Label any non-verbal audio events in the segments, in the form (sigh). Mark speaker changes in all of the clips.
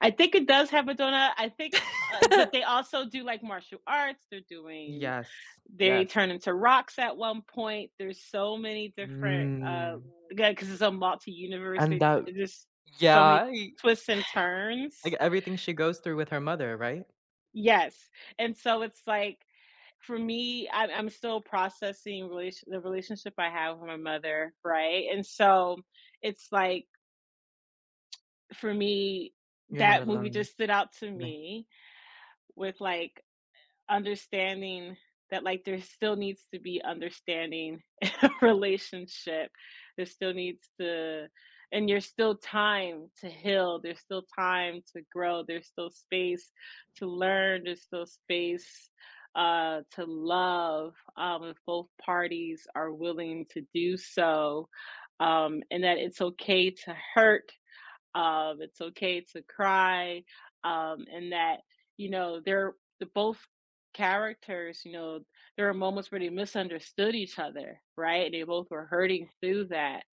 Speaker 1: I think it does have a donut. I think, uh but they
Speaker 2: (laughs)
Speaker 1: also do, like, martial arts. They're doing
Speaker 2: Yes.
Speaker 1: they
Speaker 2: Yes.
Speaker 1: turn into rocks at one point. There's so many different, uh
Speaker 2: Mm.
Speaker 1: again, 'cause it's a multi-universe,
Speaker 2: And
Speaker 1: they
Speaker 2: that
Speaker 1: they just so
Speaker 2: yeah,
Speaker 1: many
Speaker 2: y
Speaker 1: twists and
Speaker 2: (chuckles) like,
Speaker 1: turns
Speaker 2: everything she goes through with her mother, right?
Speaker 1: Yes, and so it's like, for me, I'm I'm still processing relation the relationship I have with my mother, right, and so it's like (tsk) for me,
Speaker 2: You're not
Speaker 1: that movie
Speaker 2: alone.
Speaker 1: just stood out to
Speaker 2: You may
Speaker 1: me with, like, u understanding that, like, there still needs to be understanding in our relationship. There still needs to and you're still time to heal. There's still time to grow. There's still space to learn. There's still space, uh, to love, um, if both parties are willing to do so, um, and that it's okay to hurt, um, it's okay to cry, um, and that, you know, they're the both characters, you know, there are moments where they misunderstood each other, right, and they both were hurting through that.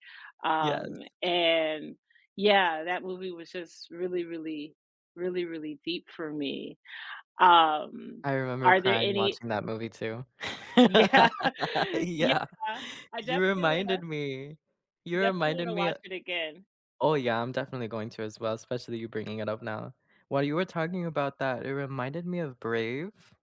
Speaker 2: Yes.
Speaker 1: Um, and yeah, that movie was just really, really, really, really deep for me. Um,
Speaker 2: I remember
Speaker 1: are there
Speaker 2: crying
Speaker 1: any
Speaker 2: watching that movie too. (laughs)
Speaker 1: Yeah. Yeah.
Speaker 2: Yeah.
Speaker 1: I
Speaker 2: You
Speaker 1: definitely wanna
Speaker 2: reminded me. You
Speaker 1: defintietly
Speaker 2: reminded
Speaker 1: wanna
Speaker 2: me, uh
Speaker 1: watch it again.
Speaker 2: Oh yeah, I'm definitely going to as well, especially you bringing it up now. While you were talking about that, it reminded me of Brave.